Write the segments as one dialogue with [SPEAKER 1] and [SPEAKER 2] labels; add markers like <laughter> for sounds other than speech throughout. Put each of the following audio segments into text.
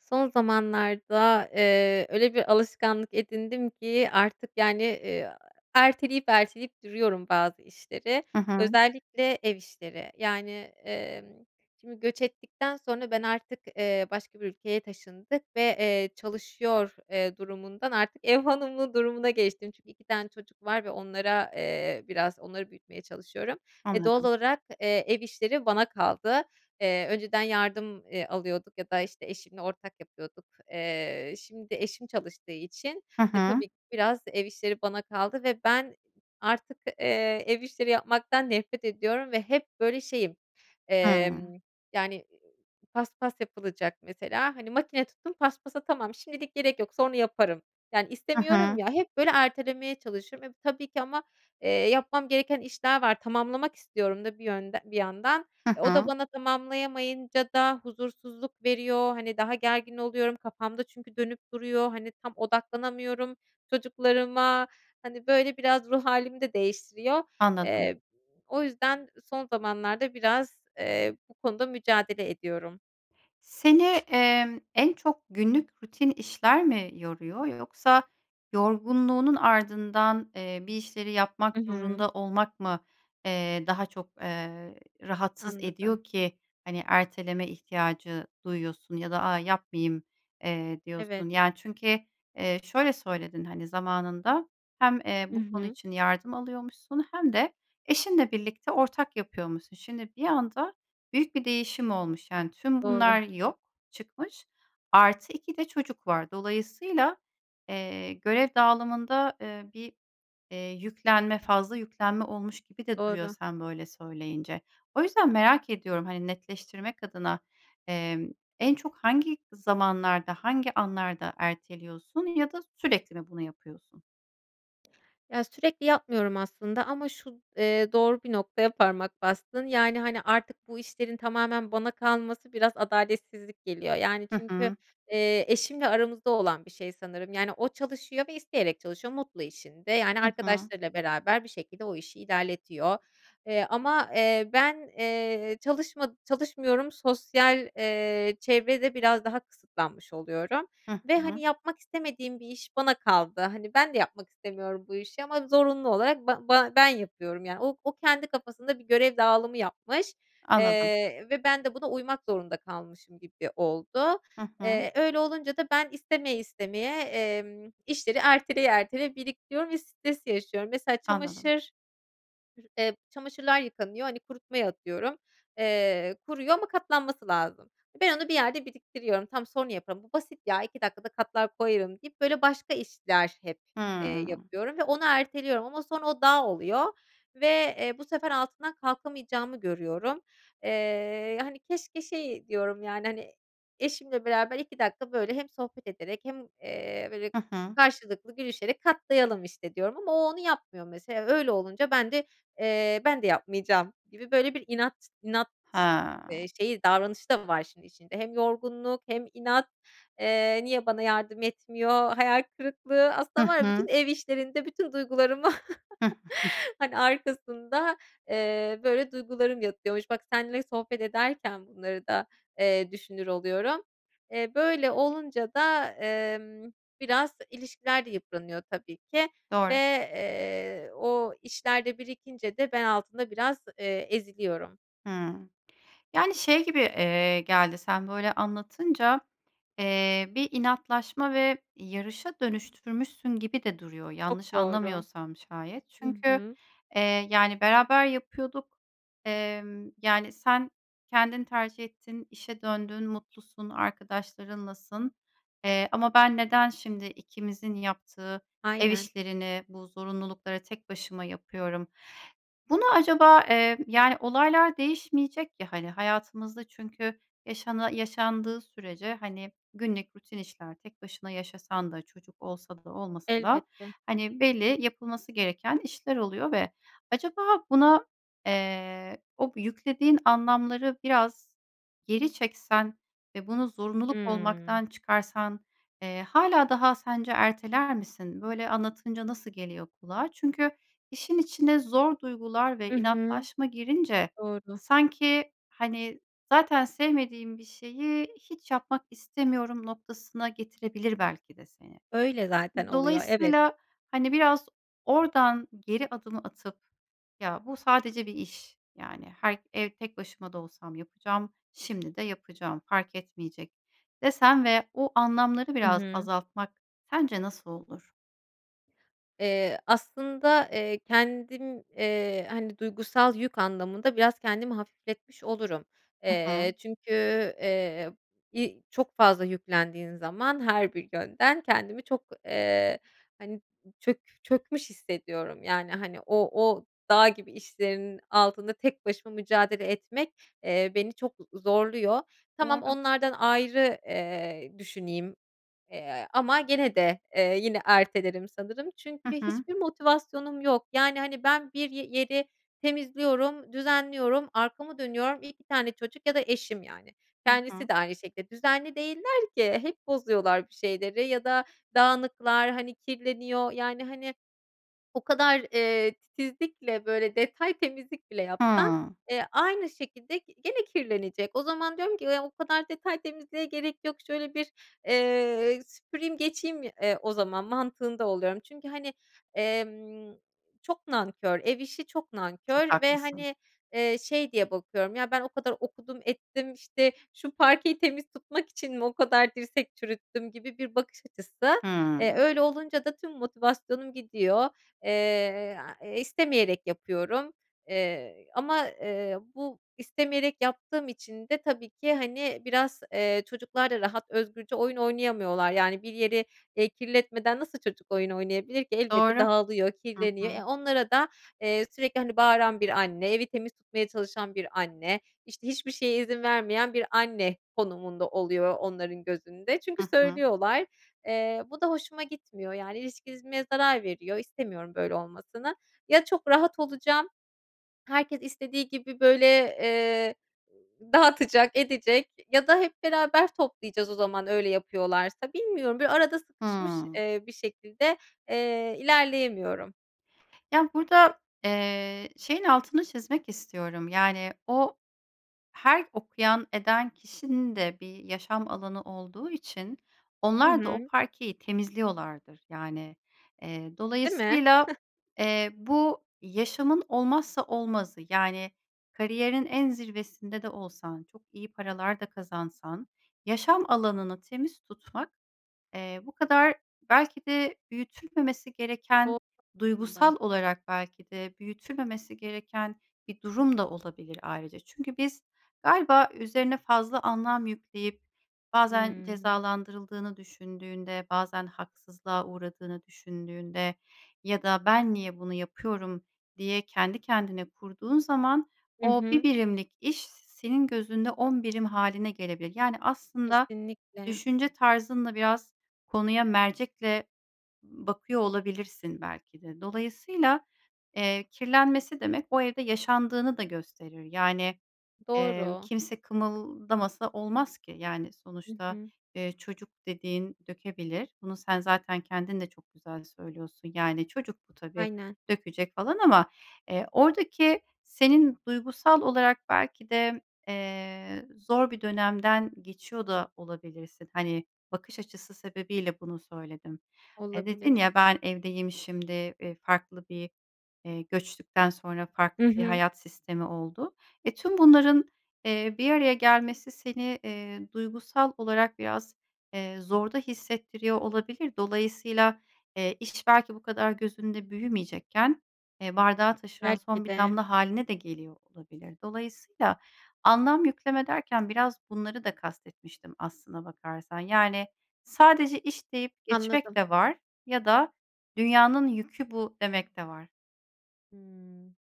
[SPEAKER 1] Son zamanlarda, eee, öyle bir alışkanlık edindim ki artık, yani, eee, erteleyip erteleyip duruyorum bazı işleri,
[SPEAKER 2] Hı hı.
[SPEAKER 1] özellikle ev işleri. Yani, emm, şimdi göç ettikten sonra ben artık, eee, başka bir ülkeye taşındık ve, eee, çalışıyor, eee, durumundan artık ev hanımı durumuna geçtim. Çünkü 2 tane çocuk var ve onlara, eee, biraz onları büyütmeye çalışıyorum. E, doğal
[SPEAKER 2] Anladım.
[SPEAKER 1] olarak, eee, ev işleri bana kaldı. Eee, önceden yardım, eee, alıyorduk ya da, işte, eşimle ortak yapıyorduk, eee, şimdi eşim çalıştığı için,
[SPEAKER 2] Hı
[SPEAKER 1] eee,
[SPEAKER 2] hı.
[SPEAKER 1] tabii ki biraz ev işleri bana kaldı ve ben artık, eee, ev işleri yapmaktan nefret ediyorum ve hep böyle şeyim, emm,
[SPEAKER 2] Hımm.
[SPEAKER 1] yani, eee, paspas yapılacak mesela, hani, makine tuttum paspasa tamam, şimdilik gerek yok, sonra yaparım, yani,
[SPEAKER 2] Hı
[SPEAKER 1] istemiyorum
[SPEAKER 2] hı.
[SPEAKER 1] ya, hep, böyle, ertelemeye çalışıyorum ve, eee, tabii ki ama, eee, yapmam gereken işler var tamamlamak istiyorum da bir yönd bir yandan.
[SPEAKER 2] Hı
[SPEAKER 1] O da
[SPEAKER 2] hı.
[SPEAKER 1] bana tamamlayamayınca da huzursuzluk veriyor, hani, daha gergin oluyorum, kafamda çünkü dönüp duruyor, hani, tam odaklanamıyorum çocuklarıma, hani, böyle, biraz ruh hâlimi de değiştiriyor.
[SPEAKER 2] Anladım.
[SPEAKER 1] Eee, o yüzden son zamanlarda biraz, eee, bu konuda mücadele ediyorum.
[SPEAKER 2] Seni, emm, en çok günlük rutin işler mi yoruyor yoksa yorgunluğunun ardından, eee, bir işleri yapmak
[SPEAKER 1] I hı.
[SPEAKER 2] zorunda olmak mı, eee, daha çok, eee, rahatsız
[SPEAKER 1] Anladım.
[SPEAKER 2] ediyor ki, hani, erteleme ihtiyacı duyuyorsun ya da "A, yapmayayım." eee,
[SPEAKER 1] Evet.
[SPEAKER 2] diyorsun? Yani çünkü, eee, şöyle söyledin, hani, zamanında hem, eee,
[SPEAKER 1] Hı
[SPEAKER 2] bu konu
[SPEAKER 1] hı.
[SPEAKER 2] için yardım alıyormuşsun hem de eşinle birlikte ortak yapıyormuşsun. Şimdi bir anda büyük bir değişim olmuş. Yani tüm
[SPEAKER 1] Doğru.
[SPEAKER 2] bunlar yok çıkmış, artı 2 de çocuk var. Dolayısıyla, eee, görev dağılımında, eee, bir, eee, yüklenme, fazla yüklenme olmuş gibi de duruyor
[SPEAKER 1] Doğru.
[SPEAKER 2] sen böyle söyleyince. O yüzden merak ediyorum, hani, netleştirmek adına, emm, en çok hangi zamanlarda, hangi anlarda erteliyorsun ya da sürekli mi bunu yapıyorsun?
[SPEAKER 1] Ya, sürekli yapmıyorum aslında ama şu, eee, doğru bir noktaya parmak bastın. Yani, hani, artık bu işlerin tamamen bana kalması biraz adaletsizlik geliyor. Yani
[SPEAKER 2] Hı
[SPEAKER 1] çünkü,
[SPEAKER 2] hı.
[SPEAKER 1] eee, eşimle aramızda olan bir şey sanırım yani o çalışıyor ve isteyerek çalışıyor. Mutlu işinde yani
[SPEAKER 2] Hı hı.
[SPEAKER 1] arkadaşlarıyla beraber bir şekilde o işi ilerletiyor. Eee, ama, eee, ben, eee, çalışma çalışmıyorum; sosyal, eee, çevrede biraz daha kısıtlanmış oluyorum.
[SPEAKER 2] Hı
[SPEAKER 1] Ve, hani,
[SPEAKER 2] hı.
[SPEAKER 1] yapmak istemediğim bir iş bana kaldı. Hani, ben de yapmak istemiyorum bu işi ama zorunlu olarak ba ba ben yapıyorum. Yani o o kendi kafasında bir görev dağılımı yapmış,
[SPEAKER 2] Anladım.
[SPEAKER 1] eee, ve ben de buna uymak zorunda kalmışım gibi oldu.
[SPEAKER 2] Hı hı.
[SPEAKER 1] Eee, öyle olunca da ben istemeye istemeye, emm, işleri erteleye erteleye biriktiriyorum ve stres yaşıyorum. Mesela
[SPEAKER 2] Anladım.
[SPEAKER 1] çamaşır r eee, çamaşırlar yıkanıyor, hani, kurutma atıyorum, eee, kuruyor ama katlanması lazım. Ben onu bir yerde biriktiriyorum. "Tamam, sonra yaparım, bu basit ya, 2 dakikada katlar koyarım." deyip böyle başka işler hep, eee,
[SPEAKER 2] Hıı.
[SPEAKER 1] yapıyorum ve onu erteliyorum. Ama sonra o dağ oluyor. Ve, eee, bu sefer altından kalkamayacağımı görüyorum. Eee, hani, keşke şey diyorum yani, hani, eşimle beraber 2 dakika böyle hem sohbet ederek hem, eee, böyle,
[SPEAKER 2] Hı hı.
[SPEAKER 1] karşılıklı gülüşerek katlayalım, işte, diyorum ama o onu yapmıyor mesela. Öyle olunca ben de, eee, "Ben de yapmayacağım!" gibi böyle bir inat inat, eee,
[SPEAKER 2] Ha.
[SPEAKER 1] şeyi davranışı da var işin içinde. Hem yorgunluk hem inat... Eee, niye bana yardım etmiyor, hayal kırıklığı... Aslında
[SPEAKER 2] Hı
[SPEAKER 1] var ya, bütün
[SPEAKER 2] hı.
[SPEAKER 1] ev işlerinde bütün duygularımı,
[SPEAKER 2] Hı <giggles>
[SPEAKER 1] <chuckles> hani, arkasında, eee, böyle duygularım yatıyormuş. Bak, seninle sohbet ederken bunları da, eee, düşünür oluyorum. Eee, böyle olunca da, emm, biraz ilişkiler de yıpranıyor tabii ki. Ve,
[SPEAKER 2] Doğru.
[SPEAKER 1] eee, o işler de birikince de ben altında biraz, eee, eziliyorum.
[SPEAKER 2] Hıı. Yani, şey gibi, eee, geldi, sen böyle anlatınca, eee, bir inatlaşma ve yarışa dönüştürmüşsün gibi de duruyor,
[SPEAKER 1] Çok
[SPEAKER 2] yanlış
[SPEAKER 1] doğru.
[SPEAKER 2] anlamıyorsam şayet.
[SPEAKER 1] Hı
[SPEAKER 2] Çünkü,
[SPEAKER 1] hı.
[SPEAKER 2] eee, yani, "Beraber yapıyorduk. Emm, yani, sen kendin tercih ettin, işe döndün, mutlusun, arkadaşlarınlasın, eee, ama ben neden şimdi ikimizin yaptığı ev
[SPEAKER 1] Aynen.
[SPEAKER 2] işlerini, bu zorunlulukları tek başıma yapıyorum?" Bunu acaba, eee, yani, olaylar değişmeyecek ya, hani, hayatımızda çünkü yaşana yaşandığı sürece, hani, günlük rutin işler, tek başına yaşasan da çocuk olsa da olmasa da,
[SPEAKER 1] Elbette.
[SPEAKER 2] hani, belli yapılması gereken işler oluyor ve acaba buna, eee, o yüklediğin anlamları biraz geri çeksen ve bunu zorunluluk
[SPEAKER 1] Hımm.
[SPEAKER 2] olmaktan çıkarsan, eee, hâlâ daha sence erteler misin? Böyle anlatınca nasıl geliyor kulağa? Çünkü işin içine zor duygular
[SPEAKER 1] Hı
[SPEAKER 2] ve
[SPEAKER 1] hı.
[SPEAKER 2] inatlaşma girince
[SPEAKER 1] Doğru.
[SPEAKER 2] sanki, hani, zaten sevmediğim bir şeyi hiç yapmak istemiyorum noktasına getirebilir belki de seni.
[SPEAKER 1] Öyle zaten oluyor, evet.
[SPEAKER 2] Dolayısıyla, hani, biraz oradan geri adım atıp, “Ya, bu sadece bir iş. Yani, her ev, tek başıma da olsam yapacağım, şimdi de yapacağım, fark etmeyecek.” desen ve o anlamları
[SPEAKER 1] Hı
[SPEAKER 2] biraz
[SPEAKER 1] hı.
[SPEAKER 2] azaltmak sence nasıl olur?
[SPEAKER 1] Eee, aslında, eee, kendim, eee, hani, duygusal yük anlamında biraz kendimi hafifletmiş olurum.
[SPEAKER 2] Hı
[SPEAKER 1] Eee,
[SPEAKER 2] hı.
[SPEAKER 1] çünkü, eee, iii, çok fazla yüklendiğin zaman her bir yönden kendimi çok, eee, hani, çök çökmüş hissediyorum, yani, hani, o o dağ gibi işlerin altında tek başıma mücadele etmek, eee, beni çok z zorluyor. Tamam
[SPEAKER 2] Doğru.
[SPEAKER 1] onlardan ayrı, eee, düşüneyim, eee, ama gene de, eee, yine ertelerim sanırım
[SPEAKER 2] Hı
[SPEAKER 1] çünkü
[SPEAKER 2] hı.
[SPEAKER 1] hiçbir motivasyonum yok. Yani, hani, ben bir ye yeri temizliyorum, düzenliyorum, arkamı dönüyorum, 2 tane çocuk ya da eşim, yani,
[SPEAKER 2] Hı
[SPEAKER 1] kendisi
[SPEAKER 2] hı.
[SPEAKER 1] de aynı şekilde düzenli değiller ki, hep bozuyorlar bir şeyleri ya da dağınıklar, hani, kirleniyor, yani, hani, o kadar, eee, titizlikle, böyle, detay temizlik bile yapsan,
[SPEAKER 2] Hımm.
[SPEAKER 1] eee, aynı şekilde gene kirlenecek. O zaman diyorum ki, "O kadar detay temizliğe gerek yok, şöyle bir, eee, süpüreyim geçeyim, eee, o zaman." mantığında oluyorum. Çünkü, hani, emm, çok nankör, ev işi çok
[SPEAKER 2] Çok
[SPEAKER 1] nankör ve,
[SPEAKER 2] haklısın.
[SPEAKER 1] hani, eee, şey diye bakıyorum, "Ya ben o kadar okudum ettim, işte, şu parkeyi temiz tutmak için mi o kadar dirsek çürüttüm?" gibi bir bakış açısı. Eee,
[SPEAKER 2] Hımm.
[SPEAKER 1] öyle olunca da tüm motivasyonum gidiyor, eee, istemeyerek yapıyorum, eee, ama, eee, bu istemeyerek yaptığım için de tabii ki, hani, biraz, eee, çocuklar da rahat, özgürce oyun oynayamıyorlar, yani, bir yeri, eee, kirletmeden nasıl çocuk oyun oynayabilir ki? Elbette
[SPEAKER 2] Doğru.
[SPEAKER 1] dağılıyor,
[SPEAKER 2] Hı
[SPEAKER 1] kirleniyor, eee,
[SPEAKER 2] hı.
[SPEAKER 1] onlara da, eee, sürekli, hani, bağıran bir anne, evi temiz tutmaya çalışan bir anne, işte, hiçbir şeye izin vermeyen bir anne konumunda oluyor onların gözünde. Çünkü
[SPEAKER 2] Hı hı.
[SPEAKER 1] söylüyorlar, eee, bu da hoşuma gitmiyor, yani, ilişkimize zarar veriyor, istemiyorum böyle olmasını. Ya çok rahat olacağım, herkes istediği gibi böyle, eee, dağıtacak, edecek ya da hep beraber toplayacağız o zaman öyle yapıyorlarsa. Bilmiyorum, böyle arada sıkışmış,
[SPEAKER 2] Hımm.
[SPEAKER 1] eee, bir şekilde, eee, ilerleyemiyorum.
[SPEAKER 2] Ya, burada, eee, şeyin altını çizmek istiyorum. Yani, o, her okuyan eden kişinin de bir yaşam alanı olduğu için,
[SPEAKER 1] Hı
[SPEAKER 2] onlar da o
[SPEAKER 1] hı.
[SPEAKER 2] parkeyi temizliyorlardır. Yani, eee,
[SPEAKER 1] Değil mi?
[SPEAKER 2] dolayısıyla,
[SPEAKER 1] <chuckles>
[SPEAKER 2] eee, bu yaşamın olmazsa olmazı, yani, kariyerin en zirvesinde de olsan, çok iyi paralar da kazansan, yaşam alanını temiz tutmak, eee, bu kadar belki de büyütülmemesi gereken,
[SPEAKER 1] Doğru aslında.
[SPEAKER 2] duygusal olarak belki de büyütülmemesi gereken bir durum da olabilir ayrıca. Çünkü biz galiba üzerine fazla anlam yükleyip, bazen
[SPEAKER 1] Hımm.
[SPEAKER 2] cezalandırıldığını düşündüğünde, bazen haksızlığa uğradığını düşündüğünde ya da "Ben niye bunu yapıyorum?" diye kendi kendine kurduğun zaman,
[SPEAKER 1] I
[SPEAKER 2] o 1
[SPEAKER 1] hı.
[SPEAKER 2] birimlik iş, senin gözünde 10 birim hâline gelebilir. Yani aslında,
[SPEAKER 1] Kesinlikle.
[SPEAKER 2] düşünce tarzınla biraz, konuya mercekle bakıyor olabilirsin belki de. Dolayısıyla, eee, kirlenmesi demek, o evde yaşandığını da gösterir. Yani, ımm,
[SPEAKER 1] Doğru.
[SPEAKER 2] kimse kımıldamasa olmaz ki. Yani,
[SPEAKER 1] I
[SPEAKER 2] sonuçta,
[SPEAKER 1] hı.
[SPEAKER 2] ııı, çocuk dediğin dökebilir. Bunu sen zaten kendin de çok güzel söylüyorsun. Yani, çocuk bu tabii,
[SPEAKER 1] Aynen.
[SPEAKER 2] dökecek falan ama, eee, oradaki senin duygusal olarak belki de, eee, zor bir dönemden geçiyor da olabilirsin. Hani, bakış açısı sebebiyle bunu söyledim. Hani dedin
[SPEAKER 1] Olabilir.
[SPEAKER 2] ya, ben evdeyim şimdi, e, farklı bir, eee, göçtükten sonra
[SPEAKER 1] Hı
[SPEAKER 2] farklı bir
[SPEAKER 1] hı.
[SPEAKER 2] hayat sistemi oldu. E, tüm bunların, eee, bir araya gelmesi seni, eee, duygusal olarak biraz, eee, zorda hissettiriyor olabilir. Dolayısıyla, eee, iş, belki bu kadar gözünde büyümeyecekken, eee, bardağı taşıran son
[SPEAKER 1] Belki
[SPEAKER 2] bir
[SPEAKER 1] de.
[SPEAKER 2] damla hâline de geliyor olabilir. Dolayısıyla, anlam yükleme derken, biraz bunları da kast etmiştim aslına bakarsan. Yani, sadece "İş" deyip geçmek
[SPEAKER 1] Anladım.
[SPEAKER 2] de var ya da "dünyanın yükü bu." demek de var.
[SPEAKER 1] Hımm.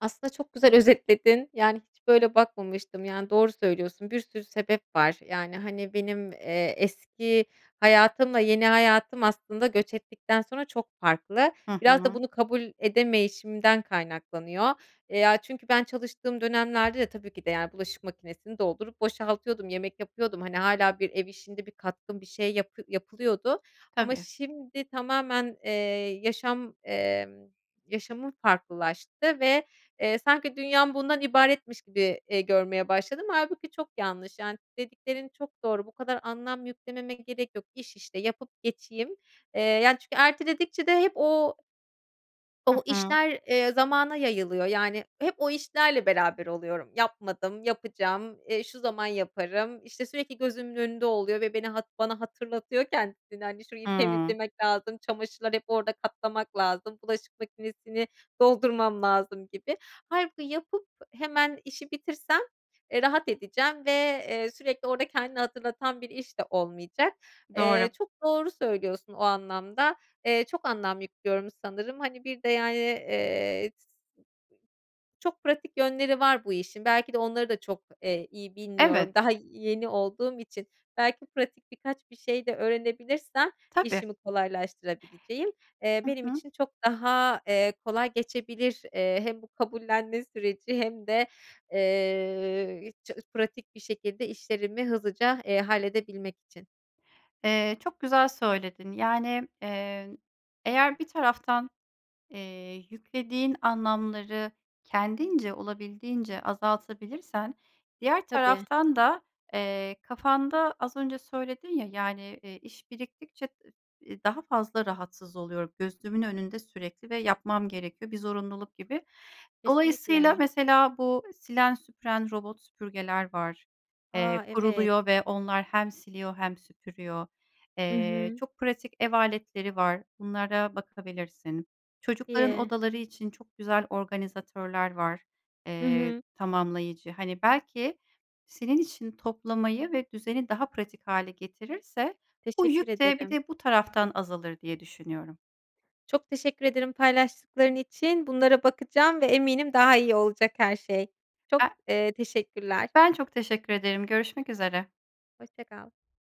[SPEAKER 1] Aslında çok güzel özetledin yani hiç böyle bakmamıştım yani doğru söylüyorsun bir sürü sebep var. Yani, hani, benim, eee, eski hayatımla yeni hayatım aslında göç ettikten sonra çok farklı.
[SPEAKER 2] Hı
[SPEAKER 1] Biraz da
[SPEAKER 2] hı.
[SPEAKER 1] bunu kabul edemeyişimden kaynaklanıyor. Eee, ya, çünkü ben çalıştığım dönemlerde de tabii ki de yani bulaşık makinesini doldurup boşaltıyordum, yemek yapıyordum hani hâlâ bir ev işinde bir katkım bir şey yap yapılıyordu ama
[SPEAKER 2] Tabii.
[SPEAKER 1] şimdi tamamen, eee, yaşam, emm, yaşamım farklılaştı ve, eee, sanki dünyam bundan ibaretmiş gibi, eee, görmeye başladım. Hâlbuki çok yanlış, yani dediklerin çok doğru, bu kadar anlam yüklememe gerek yok, iş işte yapıp geçeyim, eee, yani, çünkü erteledikçe de hep o
[SPEAKER 2] Hı
[SPEAKER 1] o
[SPEAKER 2] hı.
[SPEAKER 1] işler, eee, zamana yayılıyor, yani hep o işlerle beraber oluyorum. "Yapmadım, yapacağım, eee, şu zaman yaparım." işte, sürekli gözümün önünde oluyor ve beni hat bana hatırlatıyor kendisini, hani şurayı
[SPEAKER 2] Hıı.
[SPEAKER 1] temizlemek lazım, çamaşırlar hep orada katlamak lazım, bulaşık makinesini doldurmam lazım gibi. Hâlbuki yapıp hemen işi bitirsem, eee, rahat edeceğim ve, eee, sürekli orada kendini hatırlatan bir iş de olmayacak.
[SPEAKER 2] Doğru.
[SPEAKER 1] Eee, çok doğru söylüyorsun o anlamda, eee, çok anlam yüklüyorum sanırım hani bir de yani, eee, çok pratik yönleri var bu işin, belki de onları da çok, eee, iyi bilmiyorum
[SPEAKER 2] Evet.
[SPEAKER 1] daha yeni olduğum için. Belki pratik birkaç bir şey de öğrenebilirsem
[SPEAKER 2] Tabii.
[SPEAKER 1] işimi kolaylaştırabileceğim, eee,
[SPEAKER 2] Hı
[SPEAKER 1] benim
[SPEAKER 2] hı.
[SPEAKER 1] için çok daha, eee, kolay geçebilir, eee, hem bu kabullenme süreci hem de, eee, i ça pratik bir şekilde işlerimi hızlıca, eee, halledebilmek için.
[SPEAKER 2] Eee, çok güzel söyledin yani, eee, eğer bir taraftan, eee, yüklediğin anlamları kendince, olabildiğince azaltabilirsen diğer
[SPEAKER 1] Tabii.
[SPEAKER 2] taraftan da, eee, kafanda az önce söyledin ya, yani, eee, iş biriktikçe i i daha fazla rahatsız oluyor, gözümün önünde sürekli ve yapmam gerekiyor bir zorunluluk gibi. Dolayısıyla
[SPEAKER 1] Kesinlikle.
[SPEAKER 2] mesela bu silen, süpüren robot süpürgeler var, eee,
[SPEAKER 1] A, evet.
[SPEAKER 2] kuruluyor ve onlar hem siliyor hem süpürüyor.
[SPEAKER 1] Hı
[SPEAKER 2] Eee,
[SPEAKER 1] hı.
[SPEAKER 2] çok pratik ev aletleri var. Bunlara bakabilirsin.
[SPEAKER 1] Çok
[SPEAKER 2] Çocukların
[SPEAKER 1] iyi.
[SPEAKER 2] odaları için çok güzel organizatörler var,
[SPEAKER 1] Hı
[SPEAKER 2] eee,
[SPEAKER 1] hı.
[SPEAKER 2] tamamlayıcı. Hani belki senin için toplamayı ve düzeni daha pratik hâle getirirse bu
[SPEAKER 1] Teşekkür
[SPEAKER 2] yük de bir
[SPEAKER 1] ederim.
[SPEAKER 2] de bu taraftan azalır diye düşünüyorum.
[SPEAKER 1] Çok teşekkür ederim paylaştıkların için, bunlara bakacağım ve eminim daha iyi olacak her şey. Çok,
[SPEAKER 2] A
[SPEAKER 1] eee, teşekkürler.
[SPEAKER 2] Ben çok teşekkür ederim görüşmek üzere.
[SPEAKER 1] Hoşça kal.